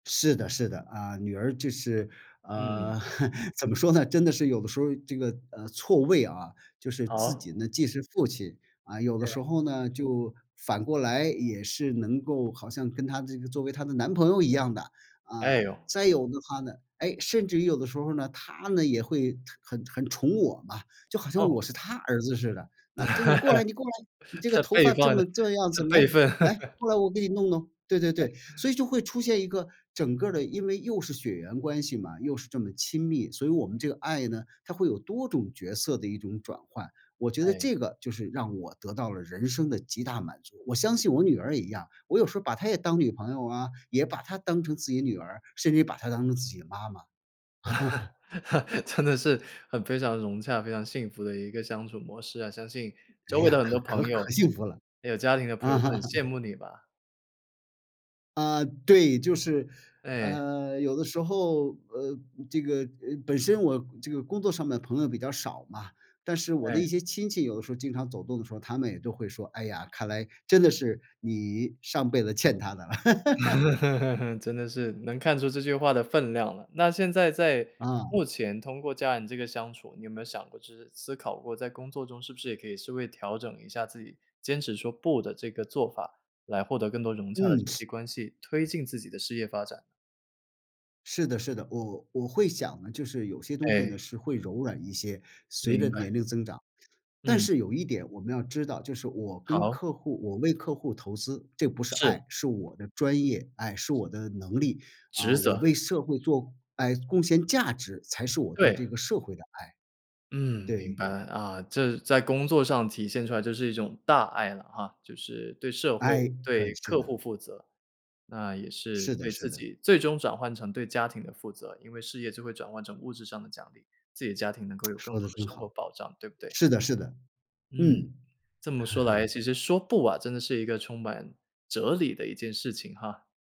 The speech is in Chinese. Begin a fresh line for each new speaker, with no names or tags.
是的是的，啊，女儿就是，啊，
嗯。
怎么说呢真的是有的时候这个，呃，错位啊。就是自
好。
己呢既是父亲，啊，有的
对。
时候呢就反过来，也是能够好像跟她这个作为她的男朋友一样的。啊，
哎哟！
再有的话呢哎，甚至于有的时候呢，她呢也会很很宠我嘛，就好像
哦。
我是她儿子似的。那这你过来你过来，你 这个
这
头
辈
发这
差得
么这样
这
子，
辈
来，
份。
来，过来我给你弄弄。对对
哎。
对，所以就会出现一个整个的因为又是血缘关系嘛，又是这么亲密，所以我们这个爱呢，它会有多种角色的一种转换。我觉得
哎。
这个就是让我得到了人生的极大满足，我相信我女儿也一样，我有时候把她也当女朋友啊，也把她当成自己女儿，甚至于把她当成自己的妈妈。
真的是很非常融洽，非常幸福的一个相处模式啊。相信
哎
周围
呀，
的很多
可可
朋
可
友
幸福了。
有家庭的朋友
嗯。
都很羡慕你吧。
啊，对。就是，
对。
呃，有的时候，呃，这个呃，本身我这个工作上的朋友比较少嘛，但是我的
嗯。
一些亲戚有的时候经常走动的时候，他们也都会说：”哎呀，看来真的是你上辈子欠她的了。”
真的是能看出这句话的分量了。那现在在
嗯。
目前通过家人这个相处，你有没有想过就是思考过，在工作中是不是也可以稍微调整一下自己，坚持说不的这个做法，来获得更多融洽的人
嗯，是。
际关系，推进自己的事业发展？
是的是的，我我会想呢，就是有些东西呢，
哎。
是会柔软一些随
明
着
白。
年龄增长。但
嗯。
是有一点我们要知道，就是我跟
好。
客户我为客户投资，这不是
是。
爱，是我的专业哎，是我的能力。
职
啊，我
责。
为社会做哎，贡献价值，才是我对
对。
这个社会的爱。
嗯，明
对。
白。啊，这在工作上体现出来就是一种大爱了哈，就是对社会、
哎，可
对
是
客户
的。
负责，那也是
是
对
的是
自
的。
己最终转换成对家庭的负责。因为事业就会转换成物质上的奖励，自己的家庭能够有 更
说得
多的
真
生活
好，
保障，对不对？
是的是的，
嗯，
嗯。
这么说来 其实说不啊，真的是一个充满哲理的一件事情哈。